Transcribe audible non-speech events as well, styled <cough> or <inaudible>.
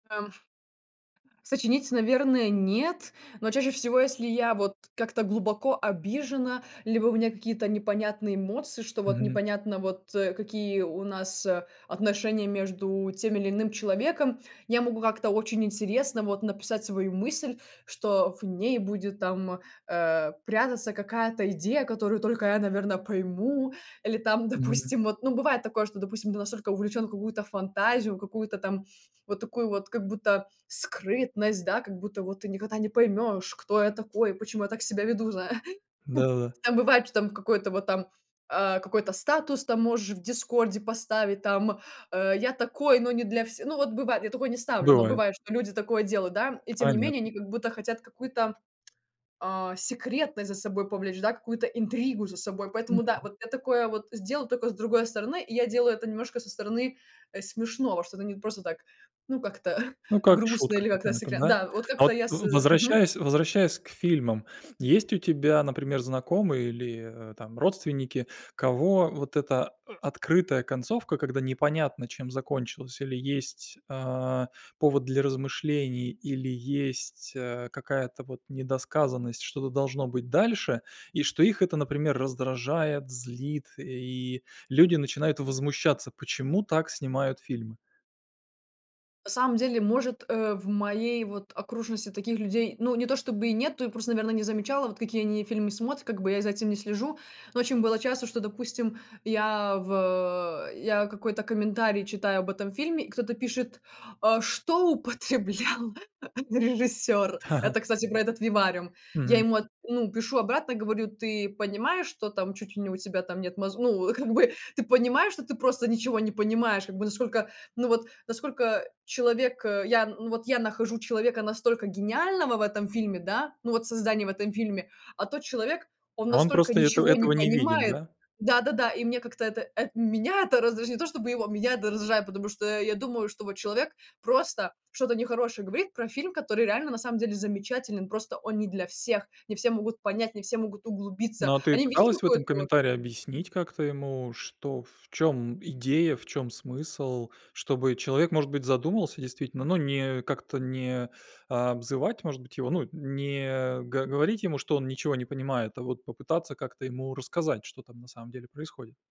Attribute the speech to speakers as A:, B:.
A: А, уф Сочинить, наверное, нет, но чаще всего, если я вот как-то глубоко обижена, либо у меня какие-то непонятные эмоции, что вот,
B: Мгм.
A: непонятно вот, э, какие у нас отношения между тем или иным человеком. Я могу как-то очень интересно вот написать свою мысль, что в ней будет там, э, прятаться какая-то идея, которую только я наверно, пойму. Или там
B: Мгм.
A: допустим вот ну бывает такое, что, допустим, ты настолько увлечен в какую-то фантазию, какую-то там вот такую вот как будто скрытность, да, как будто вот: "Ты никогда не поймешь, кто я такой, почему я так себя веду", зай
B: Да-да-да.
A: Так бывает, что там в какой-то вот там, а, какой-то статус там можешь в "Дискорде" поставить, там, э: "Я такой, но не для все" Ну вот бывает, я такое не ставлю, но
B: Бывает.
A: бывает, что люди такое делают, да, и тем не менее,
B: Понятно.
A: они как будто хотят какую-то, а, секретность за собой повлечь да, какую-то интригу за собой. Поэтому да,
B: Мгм.
A: вот я такое вот сделаю тока с другой стороны. И я делаю это немножко со стороны, э, смешного, что это не просто так, ну, как-то
B: Ну, как
A: грустно
B: шутка
A: или как-то
B: какая-то,
A: секля
B: да?
A: Да, вот
B: А,
A: как-то
B: вот
A: я с
B: в
A: Мгм.
B: возвращаясь возвращаясь к фильмам. Есть у тебя, например, знакомые или, э, там родственники, кого вот эта, э, открытая концовка, когда непонятно чем закончилась, или есть, а, повод для размышлений, или есть, а, какая-то вот недосказанность, что-то должно быть дальше, и что их это, например, раздражает, злит, и люди начинают возмущаться: "Почему так снимают фильмы?!"
A: На самом деле, может, э, в моей вот окружности таких людей ну, не то чтобы и нету, я просто, наверное, не замечала, вот какие они фильмы смотрят, как бы я за этим не слежу. Но очень было часто, что, допустим, я в я какой-то комментарий читаю об этом фильме, и кто-то пишет: "А что употреблял режиссер?" Это,
B: <laughs>
A: кстати, про этот "Вивариум". Я
B: Мгм.
A: ему от ну, пишу обратно, говорю: "Ты понимаешь, что там чуть ли не у тебя там нет моз" Ну, как бы: "Ты понимаешь, что ты просто ничего не понимаешь?" Как бы, насколько ну, вот, насколько человек, э, я, ну, вот я нахожу человека настолько гениального в этом фильме, да, ну, вот создание в этом фильме, а тот человек, он
B: А, он
A: настолько
B: просто этого
A: ничего не
B: этого не видит,
A: понимает.
B: да?
A: Да-да-да, и мне как-то это э, меня это раздражает, не то, чтобы его, меня это раздражает. Потому что я думаю, что вот человек просто что-то нехорошее говорит про фильм, который реально на самом деле замечателен, просто он не для всех. Не все могут понять, не все могут углубиться.
B: Ну, а ты
A: Они видят,
B: пыталась в
A: какое-то
B: этом
A: вот
B: комментарии объяснить как-то ему, что в чём идея, в чём смысл? Чтобы человек, может быть, задумался действительно, но не как-то не обзывать, может быть, его ну, не г говорить ему, что он ничего не понимает, а вот попытаться как-то ему рассказать, что там на самом деле происходит.